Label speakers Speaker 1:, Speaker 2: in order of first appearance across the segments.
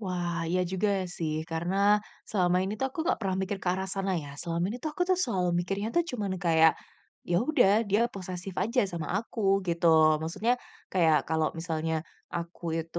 Speaker 1: Wah iya juga sih, karena selama ini tuh aku nggak pernah mikir ke arah sana ya, selama ini tuh aku tuh selalu mikirnya tuh cuman kayak, ya sudah, dia posesif aja sama aku gitu. Maksudnya kayak kalau misalnya aku itu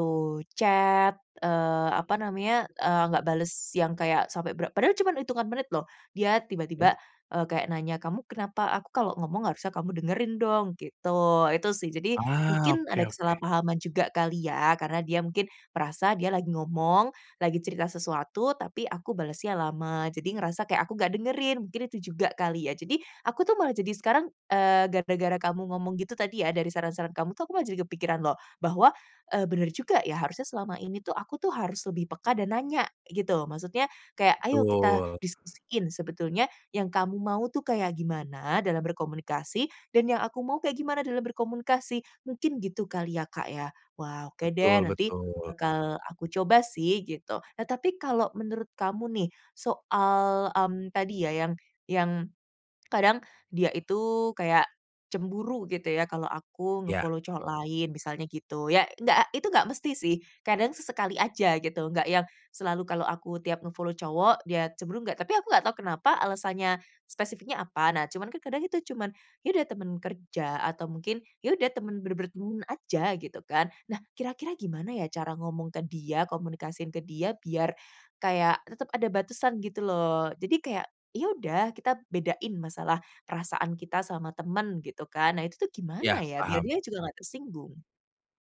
Speaker 1: chat, eee, apa namanya, eee, nggak bales yang kayak sampai bera padahal cuman hitungan menit loh, dia
Speaker 2: Iya.
Speaker 1: tiba-tiba, eee, kayak nanya, "Kamu kenapa? Aku kalau ngomong harusnya kamu dengerin dong." gitu. Itu sih jadi,
Speaker 2: Ah,
Speaker 1: mungkin ada
Speaker 2: oke oke.
Speaker 1: kesalahpahaman juga kali ya, karena dia mungkin merasa dia lagi ngomong, lagi cerita sesuatu, tapi aku balesnya lama, jadi ngerasa kayak aku nggak dengerin, mungkin itu juga kali ya. Jadi, aku tuh malah jadi sekarang, eee, gara-gara kamu ngomong gitu tadi ya, dari saran-saran kamu tuh aku malah jadi kepikiran loh, bahwa, eee, benar juga ya, harusnya selama ini tuh aku tuh harus lebih peka dan nanya gitu, maksudnya kayak, "Ayo kita
Speaker 2: Betul.
Speaker 1: diskusiin, sebetulnya yang kamu mau tuh kayak gimana dalam berkomunikasi, dan yang aku mau kayak gimana dalam berkomunikasi." Mungkin gitu kali ya Kak ya. Wah, oke deh
Speaker 2: Betul
Speaker 1: nanti
Speaker 2: betul.
Speaker 1: bakal aku coba sih gitu. Nah tapi kalau menurut kamu nih soal, mmm, tadi ya, yang yang kadang dia itu kayak cemburu gitu ya, kalau aku
Speaker 2: Iya.
Speaker 1: nge-follow cowok lain misalnya gitu ya, enggak, itu enggak mesti sih, kadang sesekali aja gitu, enggak yang selalu kalau aku tiap nge-follow cowok dia cemburu enggak, tapi aku enggak tahu kenapa alasannya, spesifiknya apa. Nah cuman kadang kita cuman, iya ada teman kerja, atau mungkin ya udah, teman benar-benar teman aja, gitu kan. Nah, kira-kira gimana ya cara ngomong ke dia, komunikasiin ke dia, biar kayak tetep ada batasan gitu loh, jadi kayak, "Ya udah, kita bedain masalah perasaan kita sama teman," gitu kan. Nah itu tuh
Speaker 2: Iya,
Speaker 1: gimana ya, biar
Speaker 2: paham.
Speaker 1: dia juga enggak tersinggung?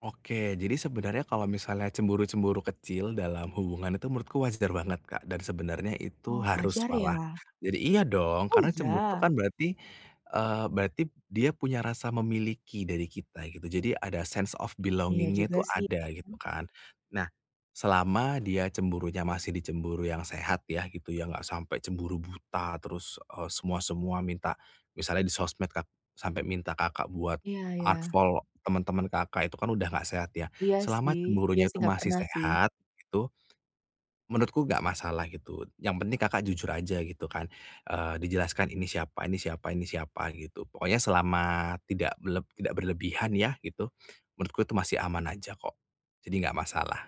Speaker 2: Oke, jadi sebenarnya kalau misalnya cemburu-cemburu kecil dalam hubungan itu menurutku wajar banget Kak. Dan sebenarnya itu
Speaker 1: Oh
Speaker 2: harus
Speaker 1: wajar
Speaker 2: malah,
Speaker 1: ya?
Speaker 2: jadi iya dong,
Speaker 1: Oh
Speaker 2: karena cemburu itu
Speaker 1: iya?
Speaker 2: kan berarti, eee, berarti dia punya rasa memiliki dari kita gitu, jadi ada sense of
Speaker 1: Iya
Speaker 2: belonging-nya
Speaker 1: juga
Speaker 2: itu
Speaker 1: sih,
Speaker 2: ada, gitu
Speaker 1: mmm.
Speaker 2: kan. Nah, selama dia cemburunya masih di cemburu yang sehat ya gitu ya, enggak sampai cemburu buta terus, e semua-semua minta. Misalnya di sosmed Kak, sampai minta Kakak buat
Speaker 1: Iya iya.
Speaker 2: unfollow teman-teman Kakak itu kan udah nggak sehat ya,
Speaker 1: Iya
Speaker 2: selama
Speaker 1: sih iya
Speaker 2: cemburunya
Speaker 1: sih,
Speaker 2: itu
Speaker 1: enggak
Speaker 2: masih
Speaker 1: pernah sih.
Speaker 2: sehat, itu, menurutku enggak masalah gitu, yang penting Kakak jujur aja gitu kan, eee, dijelaskan ini siapa, ini siapa, ini siapa gitu. Pokoknya selama tidak beleb tidak berlebihan ya gitu, menurutku itu masih aman aja kok, jadi enggak masalah.